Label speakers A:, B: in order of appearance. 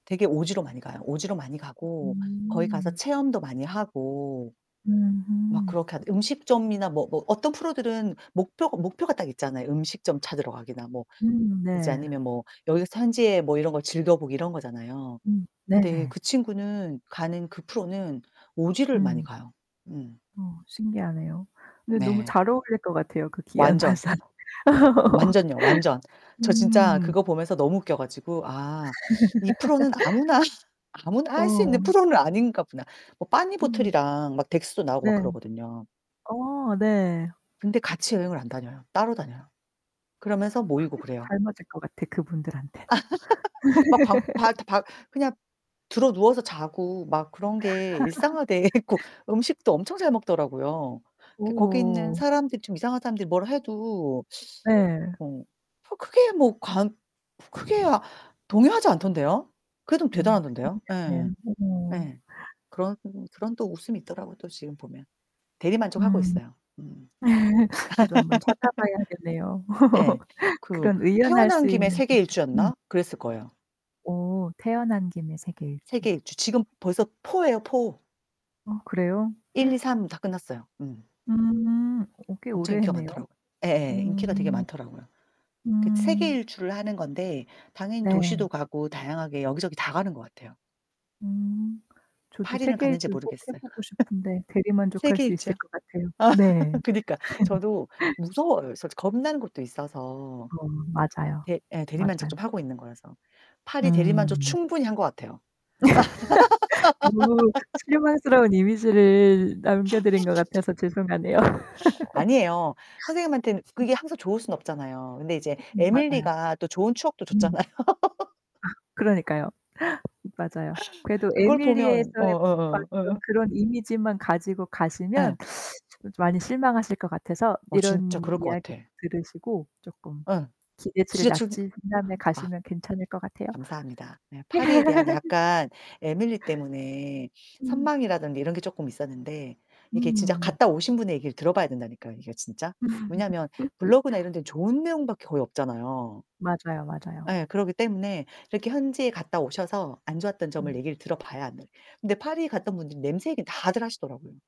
A: 되게 오지로 많이 가요. 오지로 많이 가고 거기 가서
B: 음.
A: 체험도 많이 하고.
B: 음.
A: 막
B: 음.
A: 그렇게 하 음식점이나 뭐, 뭐 어떤 프로들은 목표가, 목표가 딱 있잖아요. 음식점 찾으러 가기나 뭐
B: 음
A: 이제
B: 네.
A: 아니면 뭐 여기서 현지에 뭐 이런 거 즐겨 보기 이런 거잖아요.
B: 음
A: 근데
B: 네네.
A: 그 친구는 가는 그 프로는 오지를 많이
B: 음.
A: 가요. 음.
B: 어 신기하네요. 근데 너무
A: 네.
B: 잘 어울릴 것 같아요. 그 귀한
A: 완전.
B: 발상.
A: 완전요 완전. 저 진짜
B: 음.
A: 그거 보면서 너무 웃겨 가지고 아 이 프로는 아무나 아무나 할 수 있는
B: 어.
A: 프로는 아닌가 보다. 뭐
B: 음.
A: 빠니보틀이랑 막 덱스도 나오고 막
B: 네.
A: 그러거든요.
B: 어 네.
A: 근데 같이 여행을 안 다녀요. 따로 다녀요. 그러면서 모이고
B: 그게
A: 그래요.
B: 잘 맞을 것 같아. 그분들한테는요.
A: 막 방 발다박 그냥 드러누워서 자고 막 그런 게 일상화 돼 있고 음식도 엄청 잘 먹더라고요. 그 거기 있는
B: 어.
A: 사람들이 좀 이상한 사람들이 뭘 해도
B: 네.
A: 어 뭐 크게 뭐 관 크게 동요하지 않던데요? 그래도
B: 어
A: 대단하던데요? 예.
B: 신기하네요 오오.
A: 예. 그런 그런 또 웃음이 있더라고 또 지금 보면. 대리만족하고
B: 음.
A: 있어요. 음.
B: 저도 한번 찾아봐야겠네요.
A: 예. 그
B: 그런 의연할
A: 태어난
B: 수
A: 김에
B: 있는 진짜 음.
A: 세계일주였나 그랬을 거예요.
B: 오, 태어난 김에 세계일주.
A: 세계일주 지금 벌써 4 예요 4.
B: 어 그래요?
A: 일 이 삼 다 끝났어요. 음.
B: 음 어 꽤
A: 엄청
B: 오래
A: 인기가
B: 했네요.
A: 많더라고요.
B: 어.
A: 예예. 인기가 되게 많더라고요. 그
B: 음.
A: 세계일주를 하는 건데 당연히 도시도
B: 네.
A: 가고 다양하게 여기저기 다 가는 것 같아요.
B: 음. 저도
A: 파리는 갔는지
B: 세계일주를 꼭 해
A: 모르겠어요.
B: 보고 싶은데 대리만족할 수 있을
A: 세계일주요.
B: 것 같아요. 네.
A: 그니까 저도 무서워요. 솔직히 겁나는 곳도 있어서.
B: 어 맞아요.
A: 대 예 대리만족
B: 맞아요.
A: 좀 하고 있는 거라서. 파리 대리만족
B: 음.
A: 충분히 한 것 같아요.
B: 너무 실망스러운 이미지를 남겨 드린 것 같아서 죄송하네요.
A: 아니에요. 선생님한테는 그게 항상 좋을 순 없잖아요. 근데 이제
B: 음음 맞아요.
A: 에밀리가 또 좋은 추억도
B: 음.
A: 줬잖아요.
B: 아 그러니까요. 맞아요. 그래도
A: 그걸 보면 어
B: 에밀리에서의
A: 어 어
B: 봤던
A: 어.
B: 그런 이미지만 가지고 가시면
A: 예.
B: 좀 많이 실망하실 것 같아서
A: 어 진짜
B: 이런
A: 그럴 것
B: 이야기를
A: 같아.
B: 들으시고 쪼끔
A: 어
B: 기대치를
A: 지하철
B: 낮추신 다음에
A: 아.
B: 가시면 괜찮을 것 같아요.
A: 감사합니다. 네 파리에 대한 약간 에밀리 때문에
B: 음.
A: 선망이라든지 이런 게 쪼끔 있었는데 이게 진짜
B: 음.
A: 갔다 오신 분의 얘기를 들어 봐야 된다니까요, 이게 진짜. 왜냐면 블로그나 이런 데는 좋은 내용밖에 거의 없잖아요.
B: 맞아요, 맞아요.
A: 예 그러기 때문에 이렇게 현지에 갔다 오셔서 안 좋았던 점을
B: 음.
A: 얘기를 들어 봐야 안 돼. 근데 파리에 갔던 분들은 냄새 얘기는 다들 하시더라고요.